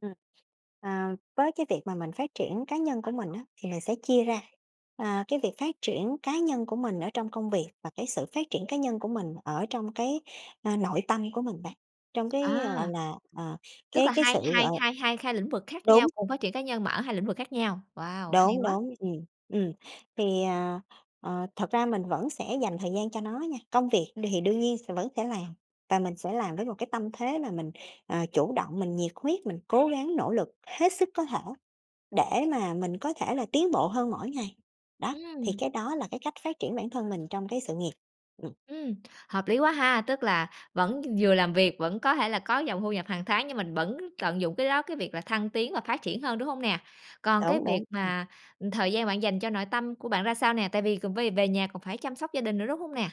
Ừm, à, với cái việc mà mình phát triển cá nhân của mình á thì mình sẽ chia ra, à, cái việc phát triển cá nhân của mình ở trong công việc và cái sự phát triển cá nhân của mình ở trong cái, ơ, nội tâm của mình bạn, trong cái, gọi A! là, à, Tức cái là cái hai sự gọi hai hai hai khai lĩnh vực l khác đúng. nhau, cùng phát triển cá nhân mà ở hai lĩnh vực khác nhau. Wow, hay Đúng, quá! đúng, ừm, ừm, thì, à, ờ, thật ra mình vẫn sẽ dành thời gian cho nó nha. Công việc đ hì đương nhiên sẽ vẫn sẽ làm và mình sẽ làm với một cái tâm thế là mình, ờ, chủ động, mình nhiệt huyết, mình cố gắng nỗ lực hết sức có thể để mà mình có thể là tiến bộ hơn mỗi ngày, đó. Thì Ừm. cái đó là cái cách phát triển bản thân mình trong cái sự nghiệp. Ừm. Ừm, hợp lý quá ha, tức là vẫn vừa làm việc vẫn có thể là có dòng thu nhập hàng tháng, nhưng mình vẫn tận dụng cái đó, cái việc là thăng tiến và phát triển hơn, đúng hông nè? Còn cái Đúng, việc đúng, ừm. mà, ừm, thời gian bạn dành cho nội tâm của bạn ra sao nè, tại vì c vê về nhà còn phải chăm sóc gia đình nữa, đúng hông nè?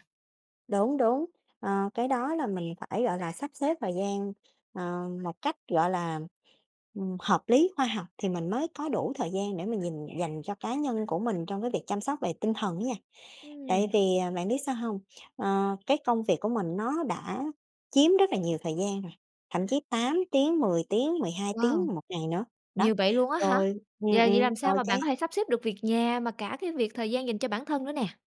Đúng, đúng, ờ, cái đó là mình phải, gọi là, sắp xếp thời gian, ờ, một cách, gọi là, ừm, hợp lý, khoa học thì mình mới có đủ thời gian để mình nhìn dành cho cá nhân của mình trong cái việc chăm sóc về tinh thần á nha. Tại Ừm. vì, à, bạn biết sao hông? Ờ, cái công việc của mình nó đã chiếm rất là nhiều thời gian rồi, thậm chí 8 tiếng, 10 tiếng, 12 Wow! tiếng 1 ngày nữa, đó, Nhiều vậy luôn á hả? rồi ừm, Vậy là vậy ừm, làm sao rồi mà bạn có cái thể sắp xếp được việc nhà mà cả cái việc thời gian dành cho bản thân nữa nè?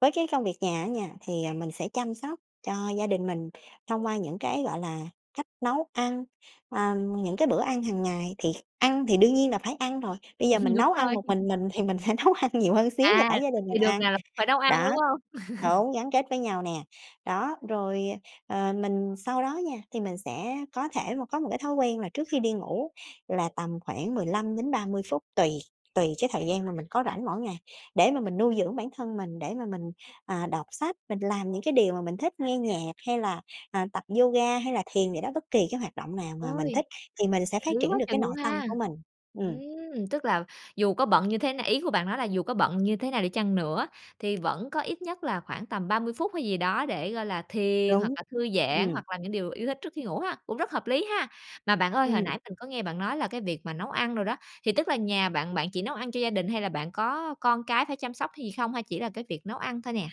Với cái công việc nhà á nha, thì, ờ, mình sẽ chăm sóc cho gia đình mình thông qua những cái, gọi là, cách nấu ăn, ờ, những cái bữa ăn hàng ngày thì kh ăn thì đương nhiên là phải ăn rồi, bây giờ mình Đúng nấu ăn rồi. một mình mình thì mình sẽ nấu ăn nhiều hơn xíu cho À, cả gia đình mình thì đường ăn. nào là phải nấu ăn, Đó, đúng hông? đúng, gắn kết với nhau nè, đó. Rồi, ờ, ờ, mình sau đó nha thì mình sẽ có thể một có một cái thói quen là trước khi đi ngủ là tầm khoảng 15-30 phút tùy, tùy cái thời gian mà mình có rảnh mỗi ngày để mà mình nuôi dưỡng bản thân mình. Để mà mình, à, đọc sách, mình làm những cái điều mà mình thích, ngoe nhạc hay là, à, tập yoga hay là thiền vậy đó, bất kỳ cái hoạt động nào mà mình Ôi, thích thì mình hợp sẽ phát lý triển quá được cái chừng nội luôn tâm ha! của mình. Ừm. Ừm, tức là dù có bận như thế n ý của bạn nói là dù có bận như thế nào đi chăng nữa, thì vẫn có ít nhất là khoảng tầm 30 phút hay gì đó để, gọi là, thiền hoặc Đúng, là thư giãn ừm. hoặc làm những điều yêu thích trước khi ngủ ha, cũng rất hợp lý ha. Mà bạn ơi, hồi Ừm. nãy mình có nghe bạn nói là cái việc mà nấu ăn đồ đó, thì tức là nhà bạn bạn chỉ nấu ăn cho gia đình hay là bạn có con cái phải chăm sóc hay gì không hay là chỉ là cái việc nấu ăn thôi nè?